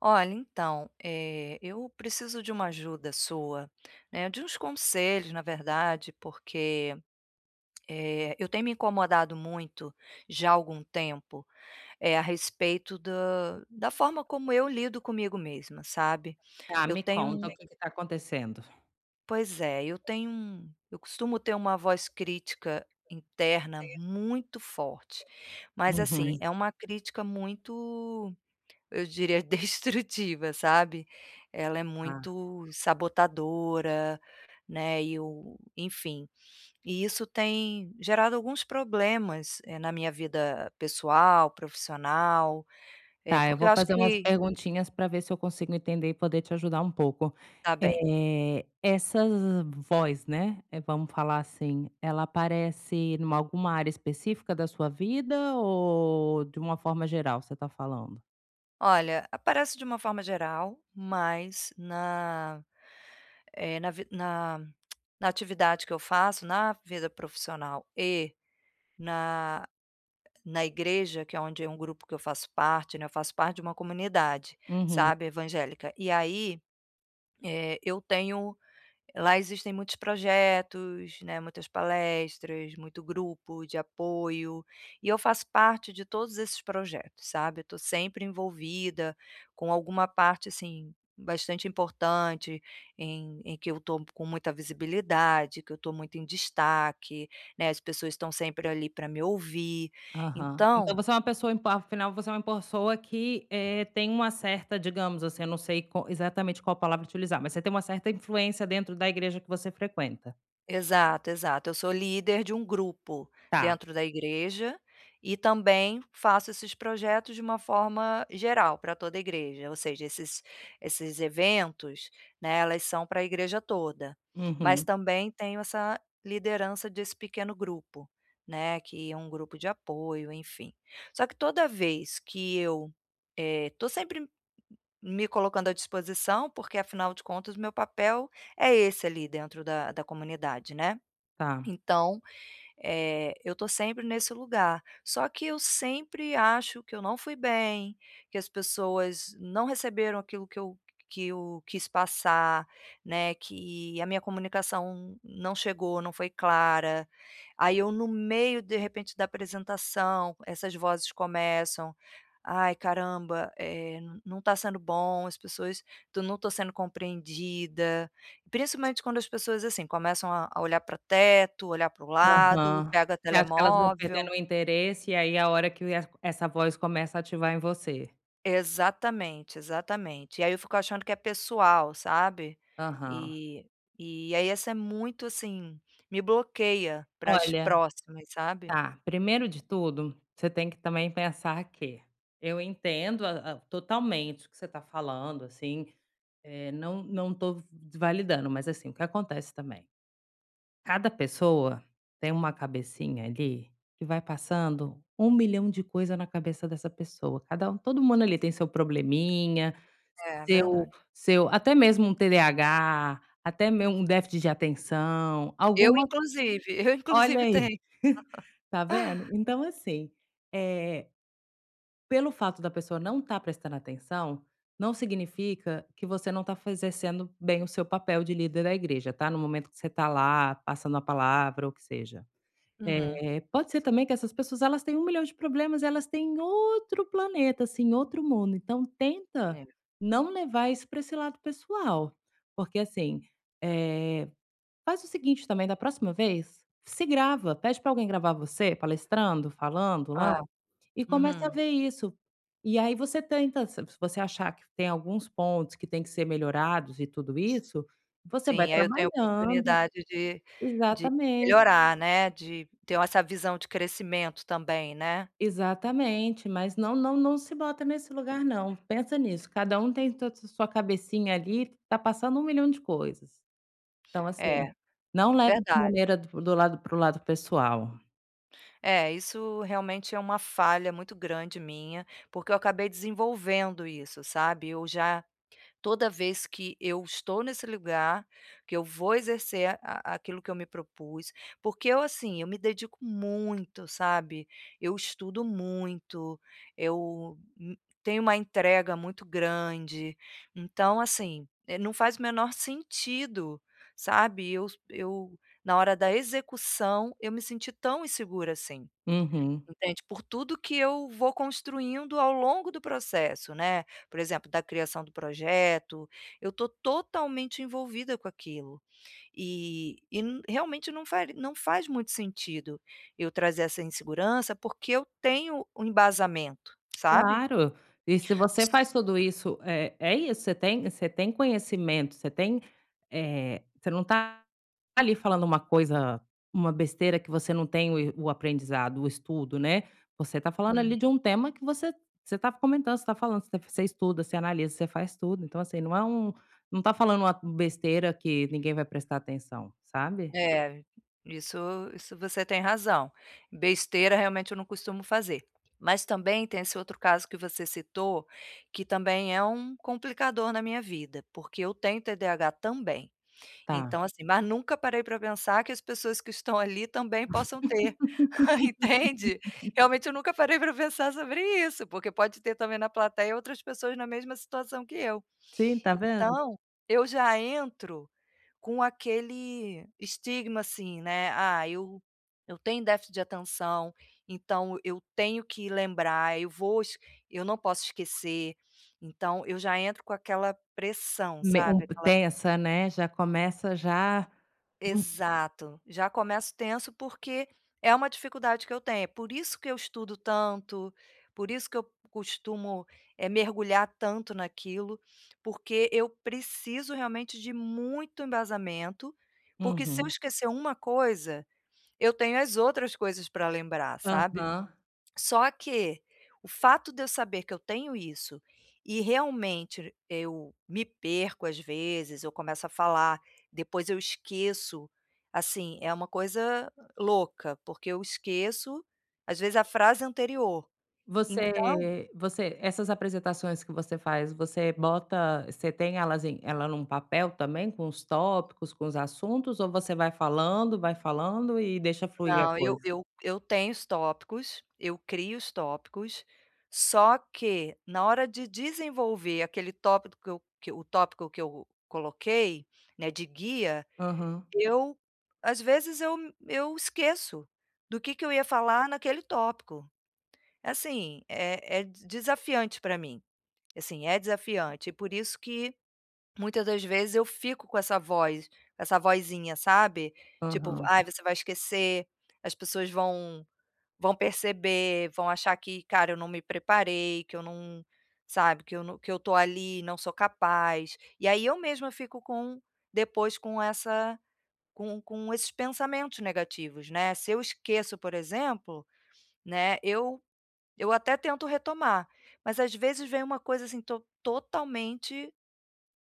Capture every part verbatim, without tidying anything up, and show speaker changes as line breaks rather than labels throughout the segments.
Olha, então, eh, eu preciso de uma ajuda sua, né, de uns conselhos na verdade, porque, eh, eu tenho me incomodado muito, já há algum tempo, eh, a respeito da da forma como eu lido comigo mesma, sabe.
Tá,
Eu
me
tenho
conta
um
o que tá acontecendo?
Pois é, eu tenho um eu costumo ter uma voz crítica interna muito forte, mas, assim,
Uhum.
é uma crítica muito, eu diria destrutiva, sabe. Ela é
Tá.
muito sabotadora, né, e o enfim, e isso tem gerado alguns problemas, eh, na minha vida pessoal, profissional. Eh,
Tá, eu
porque eu
vou
acho
fazer umas
que
perguntinhas pra ver se eu consigo entender e poder te ajudar um pouco.
Tá bem.
Eh, essa voz, né, eh, vamos falar assim, ela aparece numa alguma área específica da sua vida, ou de uma forma geral você tá falando?
Olha, aparece de uma forma geral, mas na eh, na ve na na atividade que eu faço, na vida profissional e na na igreja, que é onde é um grupo que eu faço parte, né. Eu faço parte de uma comunidade,
Uhum.
sabe, evangélica e aí, eh, eu tenho lá existem muitos projetos, né, muitas palestras, muito grupo de apoio, e eu faço parte de todos esses projetos, sabe. Eu tô sempre envolvida com alguma parte, assim, bastante importante em em que eu tô com muita visibilidade, que eu tô muito em destaque, né, as pessoas estão sempre ali pra me ouvir,
Aham. Então
então
você é uma pessoa impa afinal você é uma pessoa que, eh, tem uma certa, digamos assim, não sei co exatamente qual palavra utilizar, mas você tem uma certa influência dentro da igreja que você frequenta?
Exato, exato, eu sou líder de um grupo
Tá.
dentro da igreja, e também faço esses projetos de uma forma geral pra toda a igreja, ou seja, esses esses eventos, né, elas são pra igreja toda, mas
Uhum.
também tenho essa liderança desse pequeno grupo, né, que é um grupo de apoio, enfim. Só que toda vez que eu eh, tô sempre me colocando à disposição, porque afinal de contas o meu papel é esse ali dentro da da comunidade, né.
Tá.
Então, eh eu tô sempre nesse lugar, só que eu sempre acho que eu não fui bem, que as pessoas não receberam aquilo que eu que eu quis passar, né, que a minha comunicação não chegou, não foi clara, aí, eu no meio de repente da apresentação, essas vozes começam: "Ai, caramba, eh, não tá sendo bom, as pessoa to não tô sendo compreendida", principalmente quando as pessoas, assim, começam a a olhar pra teto, olhar para o lado,
Aham.
pega
Você acha que elas vão perdendo
telemóvel.
o interesse, e aí, a hora que é essa voz começa a ativar em você.
Exatamente, exatamente, e aí, eu fico achando que é pessoal, sabe.
Aham.
E e, aí, essa é muito, assim, me bloqueia para as
Olha.
próximas, sabe.
Tá, primeiro de tudo, você tem que também pensar que eu entendo a a totalmente o que você tá falando, assim, eh, não não tô v v validando, mas, assim, o que acontece também? Cada pessoa tem uma cabecinha ali que vai passando um milhão de coisa na cabeça dessa pessoa, cada um todo mundo ali tem seu probleminha,
É, é
seu
verdade.
seu até mesmo um TDAH, até mei um déficit de atenção,
Eu
alguma
inclusive, eu
Olha
inclusive
aí,
tenho.
tá vendo? Então, assim, eh, pelo fato da pessoa não tá prestando atenção, não significa que você não tá faze exercendo bem o seu papel de líder da igreja tá, no momento que você tá lá, passando a palavra ou que seja.
Uhum.
Eh, pode ser também que essas pessoas elas têm um milhão de problemas, elas têm outro planeta assim, outro mundo, então, tenta
É.
não levar isso pra esse lado pessoal. Porque, assim, eh faz o seguinte também, da próxima vez, se grava, pede pra alguém gravar você, palestrando, falando, lá,
Hã.
e comece a
Uhum.
ver isso. E aí, você tenta se você achar que tem alguns pontos que têm que ser melhorados e tudo isso, você vai
Sim, aí, eu tenho
trabalhando
oportunidade de de
Exatamente.
melhorar, né, de tenho essa visão de crescimento também, né.
Exatamente, mas não não não se bota nesse lugar não. Pensa nisso, cada um tem ta ta sua cabecinha ali, tá passando um milhão de coisas. Então, assim,
É.
não leve de
Verdade.
maneira do do lado para o lado pessoal.
É, isso realmente é uma falha muito grande minha, porque eu acabei desenvolvendo isso, sabe, eu já toda vez que eu estou nesse lugar, que eu vou exercer a aquilo que eu me propus, porque eu, assim, eu me dedico muito, sabe. Eu estudo muito, eu, hum, tenho uma entrega muito grande, então assim, eh, não faz o menor sentido, sabe, eu s eu na hora da execução, eu me sentir tão insegura assim,
Uhum.
entende, por tudo que eu vou construindo ao longo do processo, né. Por exemplo, da criação do projeto, eu estou totalmente envolvida com aquilo. E e n realmente não fari não faz muito sentido eu trazer essa insegurança, porque eu tenho um embasamento, sabe.
Claro. E se você faz tudo isso é é isso, você tem você tem conhecimento, você tem, eh, você não está ali falando uma coisa uma besteira que você não tem o e o aprendizado, o estudo, né. Você está falando
Uhum.
ali de um tema que você você estava comentando, você está falando, você estuda, você analisa, você faz tudo, então assim, não é um não está falando uma besteira que ninguém vai prestar atenção, sabe.
É, isso isso você tem razão, besteira, realmente, eu não costumo fazer, mas também tem esse outro caso que você citou, que também é um complicador na minha vida, porque eu tenho TDAH também.
Tá.
Então assim, mas nunca parei para pensar que as pessoas que estão ali também possam ter, entende. Realmente eu nunca parei para pensar sobre isso, porque pode ter também na plateia outras pessoas na mesma situação que eu.
Sim, está vendo.
Então eu já entro com aquele estigma, assim, né: "Ah, eu eu tenho déficit de atenção, então eu tenho que lembrar, eu vou es eu não posso esquecer", então eu já entro com aquela pressão,
Me um
sabe, aquela
tensa, né. Já começa já
Exato, já começo tenso, porque é uma dificuldade que eu tenho, por isso que eu estudo tanto, por isso que eu costumo, eh, mergulhar tanto naquilo, porque eu preciso realmente de muito embasamento, porque se eu
Uhum.
esquecer uma coisa, eu tenho as outras coisas para lembrar, sabe.
Aham.
Só que o fato de eu saber que eu tenho isso, e realmente eu me perco às vezes, eu começo a falar, depois eu esqueço, assim, é uma coisa louca, porque eu esqueço às vezes a frase anterior, então
Você você essas apresentações que você faz, você bota você tem elas em ela em um papel também, com os tópicos, com os assuntos ou você vai falando, vai falando e deixa fluir a
Não, eu
coisa?
eu eu tenho os tópicos, eu crio os tópicos, só que na hora de desenvolver aquele tópico que eu que eu o tópico que eu coloquei, né, de guia,
Aham.
eu às vezes eu eu esqueço do que que eu ia falar naquele tópico. Assim, é é desafiante para mim. Assim, é desafiante e por isso que, muita das vezes, eu fico com essa voz, com essa vozinha, sabe. Tipo:
Aham.
"Ai, você vai esquecer, as pessoas vão vão perceber, vão achar que, cara, eu não me preparei, que eu não", sabe, "que eu no que eu estou ali e não sou capaz", e aí eu mesma fico com depois com essa com com esses pensamentos negativos, né. Se eu esqueço, por exemplo, né, eu eu até tento retomar, mas às vezes vem uma coisa, assim, estou totalmente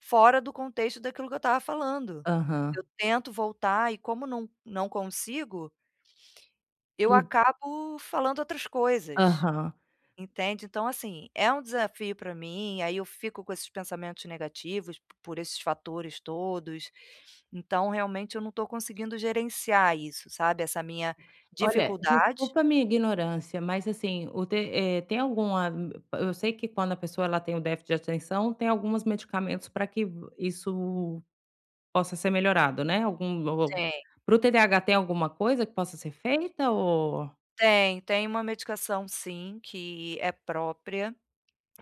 fora do contexto daquilo que eu estava falando.
Aham.
Eu tento voltar e como não não consigo eu acabo falando outras coisas,
Aham.
entende. Então assim, é um desafio para mim, aí eu fico com esses pensamentos negativos p por esses fatores todos, então realmente eu não estou conseguindo gerenciar isso, sabe, essa minha
Olha,
dificuldade.
desculpa minha ignorância, mas assim o te eh, tem alguma eu sei que quando a pessoa, ela tem o déficit de atenção, tem algumas medicamentos para que isso possa ser melhorado, né, algum o o
Tem.
para o TDAH, tem alguma coisa que possa ser feita o
Tem, tem uma medicação sim, que é própria,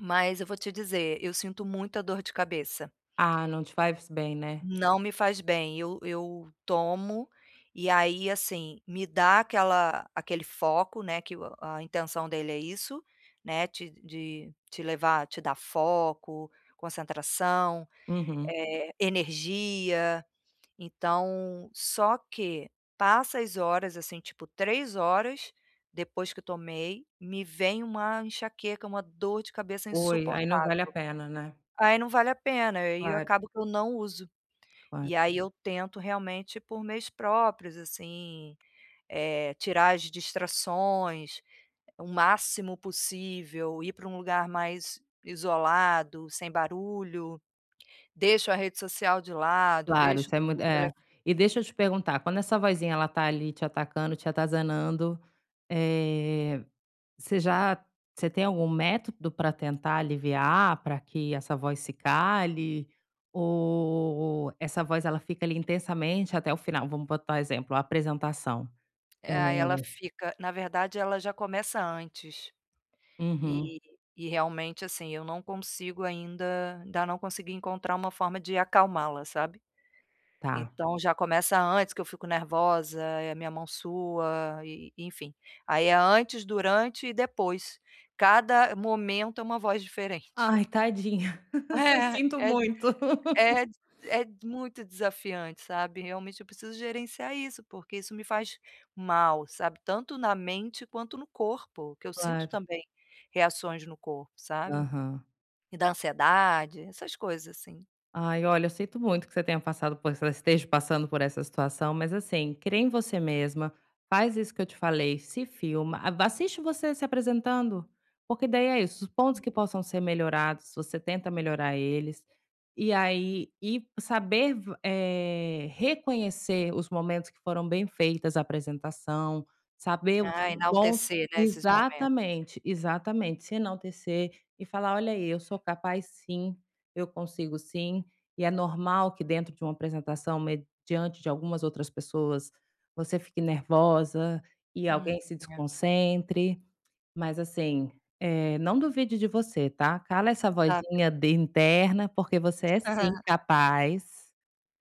mas eu vou te dizer, eu sinto muita dor de cabeça.
Ah, não te faz bem, né.
Não me faz bem, eu eu tomo, e aí, assim, me dá aquela aquele foco, né, que o a intenção dele é isso, né, te de te levar, te dar foco, concentração,
Uhum.
eh, energia. Então só que passa as horas, assim, tipo três horas depois que tomei, me vem uma enxaqueca, uma dor de cabeça
Ui, aí não
insuportável.
vale a pena, né.
Aí não vale a pena, aí eu
Claro.
acabo que eu não uso. E
Claro.
aí eu tento, realmente, por meios próprios, assim, eh, tirar as distrações o máximo possível, ir para um lugar mais isolado, sem barulho. Deixo a rede social de lado,
Claro,
deixo
isso é muito
o tele
é. E deixa eu te perguntar, quando essa vozinha, ela está ali te atacando, te atazanando, eh, você já você tem algum método para tentar aliviar, para que essa voz se cale? Ou essa voz, ela fica ali intensamente até o final? Vamos botar exemplo, a apresentação, eh
Ah, ela fica na verdade ela já começa antes.
Uhum.
E e realmente, assim, eu não consigo ainda ainda não consegui encontrar uma forma de acalmá-la, sabe.
Tá.
Então já começa antes, que eu fico nervosa, e a minha mão sua e enfim. Aí é antes, durante e depois, cada momento é uma voz diferente.
Ai, tadinha,
É
sinto
é.
muito.
É é d é muito desafiante, sabe. Realmente eu preciso gerenciar isso, porque isso me faz mal, sabe, tanto na mente quanto no corpo, que eu sinto
Claro.
também reações no corpo, sabe.
Aham.
E da ansiedade, essas coisas assim.
Ai, olha, eu sinto muito que você tenha passado por es esteja passando por essa situação, mas, assim, crê em você mesma, faz isso que eu te falei, se filma, a assiste você se apresentando, porque daí é isso, os pontos que possam ser melhorados, você tenta melhorar eles, e aí e saber v eh, reconhecer os momentos que foram bem feitas a apresentação, saber o
Ah,
quão
enaltecer, né, esses momen
exatamente, exatamente. Se enaltecer e falar: "Olha aí, eu sou capaz sim, eu consigo sim", e é normal que dentro de uma apresentação, mediante de algumas outras pessoas, você fique nervosa e
Hum.
alguém se
É.
desconcentre, mas, assim, eh, não duvide de você, tá. Cala essa
Tá bem.
vozinha den interna, porque você é
Aham.
sim capaz,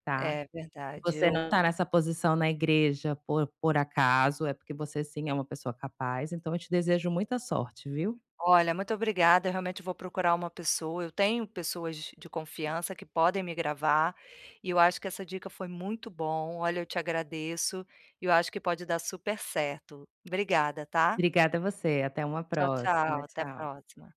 tá.
É verdade.
Você não
Eu
tá nessa posição na igreja por por acaso, é porque você sim é uma pessoa capaz. Então eu te desejo muita sorte, viu.
Olha, muito obrigada. Eu realmente vou procurar uma pessoa, eu tenho pessoas de confiança que podem me gravar, e eu acho que essa dica foi muito bom. Olha, eu te agradeço e eu acho que pode dar super certo. Obrigada, tá.
Obrigada você. Até uma
Tchau, tchau.
próxima.
Até a
Tchau.
próxima.